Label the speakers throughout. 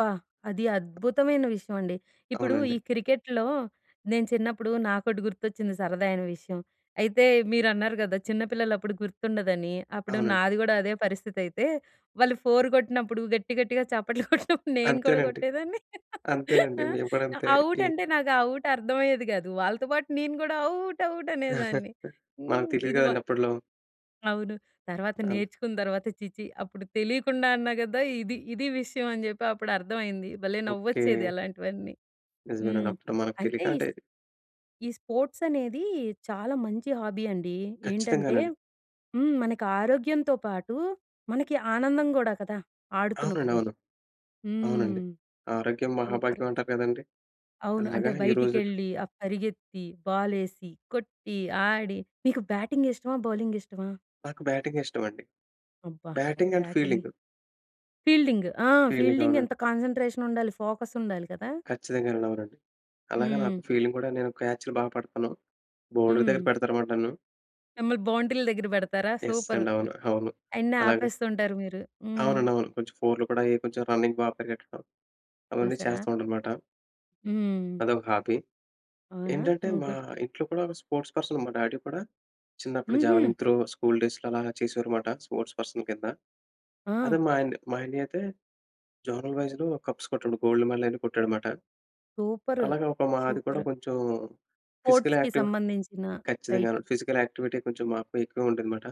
Speaker 1: అబ్బా! అది అద్భుతమైన విషయం అండి. ఇప్పుడు
Speaker 2: అవునండి.
Speaker 1: ఈ క్రికెట్‌లో నేను చిన్నప్పుడు నాకొకటి గుర్తొచ్చింది సరదా అయిన విషయం. అయితే మీరు అన్నారు కదా! చిన్న పిల్లలు అప్పుడు గుర్తుండదని. అప్పుడు
Speaker 2: అవునండి.
Speaker 1: నాది గూడా అదే పరిస్థితి అయితే. వాళ్ళు ఫోర్ కొట్టినప్పుడు గట్టి, గట్టిగా చప్పట్లు కొట్టినప్పుడు నేను కూడా
Speaker 2: అంతేనండి.
Speaker 1: కొట్టేదాన్ని.
Speaker 2: అంతేనండి.
Speaker 1: ఆహ్,
Speaker 2: మేము కూడా అంతే
Speaker 1: ఔట్
Speaker 2: ఈ
Speaker 1: అంటే నాకు ఔట్ అర్థం అయ్యేది కాదు. వాళ్ళతో పాటు నేను కూడా ఔట్, ఔట్ అనేదాన్ని.
Speaker 2: మనకు
Speaker 1: హ్మ్,
Speaker 2: తెలియదు
Speaker 1: ఇది బా
Speaker 2: కదండీ! అప్పట్లో.
Speaker 1: అవును. తర్వాత
Speaker 2: అన్
Speaker 1: నేర్చుకున్న తర్వాత ఛీ! ఛీ! అప్పుడు తెలియకుండా అన్నా కదా! ఇది, ఇది విషయం అని చెప్పి అప్పుడు అర్థమయింది. భలే!
Speaker 2: ఓకే.
Speaker 1: నవ్వొచ్చేది అలాంటివన్నీ.
Speaker 2: నిజమేనండి.
Speaker 1: హ్మ్.
Speaker 2: అప్పుడు మనకు
Speaker 1: అయితే
Speaker 2: తెలియక అంటే
Speaker 1: ఈస్ ఈ స్పోర్ట్స్ అనేది చాలా మంచి హాబీ అండి. ఏంటంటే,
Speaker 2: ఖచ్చితంగానండి.
Speaker 1: హ్మ్, మనకి ఆరోగ్యంతో పాటు మనకి ఆనందం కూడా కదా!
Speaker 2: అవునండి.
Speaker 1: ఆడుతున్నప్పుడు.
Speaker 2: అవును. అవునండి.
Speaker 1: హ్మ్.
Speaker 2: ఆరోగ్యం
Speaker 1: సూపర్!
Speaker 2: మహాభాగ్యం అంటారు కదండీ!
Speaker 1: అవును.
Speaker 2: అలాగా
Speaker 1: అంటే
Speaker 2: ఈ రోజుల్లో
Speaker 1: బయటికెళ్ళి ఆ పరిగెత్తి, బాల్ వేసి, కొట్టి, ఆడి, మీకు బ్యాటింగ్ ఇష్టమా? బౌలింగ్ ఇష్టమా?
Speaker 2: నాకు బ్యాటింగ్ ఇష్టం అండి.
Speaker 1: అబ్బా!
Speaker 2: Batting and
Speaker 1: batting
Speaker 2: fielding.
Speaker 1: Fielding ఆ!
Speaker 2: ఫీల్డింగ్
Speaker 1: ఫీల్డింగ్
Speaker 2: అవునండి.
Speaker 1: ఎంత కాన్సన్‌ట్రేషన్ ఉండాలి! ఫోకస్ ఉండాలి కదా!
Speaker 2: ఖచ్చితంగానండి. అవునండి. అలాగ నాకు
Speaker 1: హ్మ్.
Speaker 2: ఫీల్డింగ్ కూడా నేను క్యాచ్‌లు బాగా పడతాను. బౌండరీ దగ్గర
Speaker 1: హ్మ్.
Speaker 2: పెడతారనమాట నన్ను.
Speaker 1: మిమ్మల్ని బౌంటీల దగ్గర పెడతారా?
Speaker 2: Yes
Speaker 1: super!
Speaker 2: అండి. అవును. అవును.
Speaker 1: అయన్నీ
Speaker 2: అలాగ
Speaker 1: ఆపేస్తుంటారు మీరు. హ్మ్.
Speaker 2: అవునండి. అవును. కొంచెం ఫోర్‌లు కూడా అయి కొంచెం రన్నింగ్ బాగా పరిగెట్టడం, అవన్నీ
Speaker 1: చూసారా?
Speaker 2: చేస్తూ ఉంటా అన్నమాట.
Speaker 1: హ్మ్.
Speaker 2: అదొక హాబీ.
Speaker 1: అవునా?
Speaker 2: ఏంటంటే
Speaker 1: హ్మ్.
Speaker 2: మా
Speaker 1: గుడ్.
Speaker 2: ఇంట్లో కూడా ఒక స్పోర్ట్స్ పర్సన్ మా డ్యాడీ కూడా చిన్నప్పుడు
Speaker 1: హుహు.
Speaker 2: జావెలిన్ త్రో స్కూల్ డేస్‌లో అలా చేసేవారన్నమాట స్పోర్ట్స్ పర్సన్ కింద.
Speaker 1: ఆ!
Speaker 2: అదే మా అన్-మా అన్నయ అయితే జోనల్ వైస్‌లో కప్స్ కొట్టాడు. గోల్డ్ మెడల్ అయన్నీ కొట్టాడు అన్నమాట.
Speaker 1: సూపరు.
Speaker 2: అలాగ ఒక మాది కూడా
Speaker 1: సూపరు.
Speaker 2: కొంచెం ఫిజికల్
Speaker 1: స్పోర్ట్స్‌కి
Speaker 2: యాక్టివి
Speaker 1: సంబంధించిన, రైట్.
Speaker 2: ఖచ్చితంగా. ఫిజికల్ యాక్టివిటీ కొంచెం మాకు ఎక్కువ ఉంటుందన్నమాట.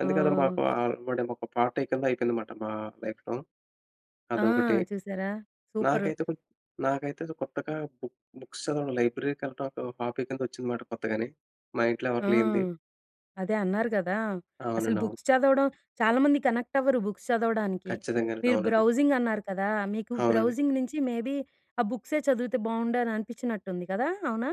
Speaker 2: అందుకే అదో
Speaker 1: ఆ!
Speaker 2: మాకు అలవాటేమో ఒక పార్ట్ కింద అయిపోయిందన్నమాట. మా లైఫ్‌లో.
Speaker 1: ఆ!
Speaker 2: అదొకటి.
Speaker 1: చూశారా? సూపరు.
Speaker 2: నాకైతే కొన్ నాకైతే అసలు కొత్తగా బుక్ బుక్స్ చదవడం, లైబ్రరీకి వెళ్ళడం ఒక హాబీ కింద వచ్చిందనమాట కొత్తగానే. మా ఇంట్లో
Speaker 1: ఆ!
Speaker 2: ఎవరికి లేనిది.
Speaker 1: అదే అన్నారు కదా! అసలు
Speaker 2: అవునండి. అవును.
Speaker 1: బుక్స్ చదవడం చాలామంది కనెక్ట్ అవ్వరు. బుక్స్ చదవడానికి.
Speaker 2: ఖచ్చితంగానండి.
Speaker 1: మీరు
Speaker 2: అవునండి.
Speaker 1: బ్రౌజింగ్ అన్నారు కదా! మీకు
Speaker 2: అవునండి.
Speaker 1: బ్రౌజింగ్ నుంచి మేబీ ఆ బుక్సే చదివితే బాగుండు అని అనిపించినట్టుంది కదా? అవునా?